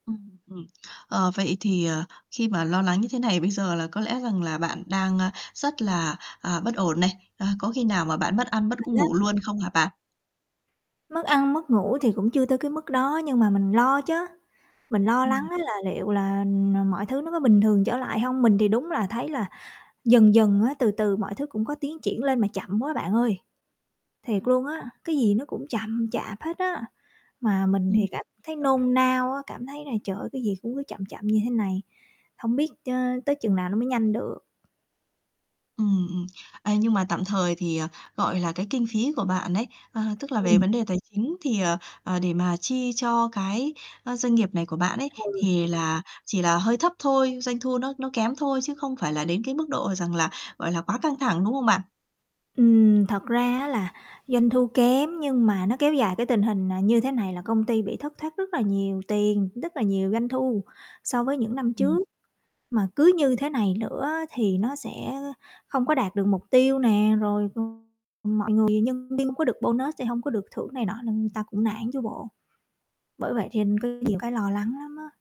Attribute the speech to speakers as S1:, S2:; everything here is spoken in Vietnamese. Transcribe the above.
S1: Ừm, ừm. Ờ, vậy thì, ờ, khi mà lo lắng như thế này bây giờ là có lẽ rằng là bạn đang, a, rất là, à, bất ổn này, à, có khi nào mà bạn mất ăn mất
S2: [unintelligible]
S1: ngủ luôn không hả bạn?
S2: Mất ăn mất ngủ thì cũng chưa tới cái mức đó nhưng mà mình lo chớ, mình lo lắng
S1: Ừm.
S2: á là liệu là, ờ, mọi thứ nó có bình thường trở lại hông? Mình thì đúng là thấy là dần dần á từ từ mọi thứ cũng có tiến triển lên mà chậm quá bạn ơi. Thiệt luôn á, cái gì nó cũng chậm chạp hết á, mà mình
S1: Ừm,
S2: thì
S1: mình
S2: cảm thấy
S1: hiểu.
S2: nôn nao á, cảm thấy là, trời ơi, cái gì cũng cứ chậm chậm như thế này, hông biết chớ tới chừng nào nó mới nhanh được.
S1: Ừm, ừm. À, nhưng mà tạm thời thì, ờ, gọi là, cái kinh phí của bạn ấy, ờ, tức là về
S2: Ừm.
S1: vấn đề tài chính thì, ờ, ờ, để mà chi cho cái, ơ, doanh nghiệp này của bạn ấy,
S2: Ừ.
S1: thì là chỉ là hơi thấp thôi, doanh thu nó nó kém thôi chứ không phải là đến cái mức độ rằng là, gọi là, quá căng thẳng, đúng không bạn?
S2: Ừm, thật ra á là doanh thu kém nhưng mà nó kéo dài cái tình hình, à, như thế này là công ty bị thất thoát rất là nhiều tiền, đất là nhiều doanh thu so với những năm
S1: Ừm.
S2: trước. Mà cứ như thế này nữa á thì nó sẽ, ơ, không có đạt được mục tiêu nè, rồi c mọi người nhân viên không có được bonus sẽ hông có được thưởng này nọ nên ta cũng nản chứ bộ. Bởi vậy thêm có nhiều cái lo lắng lắm á.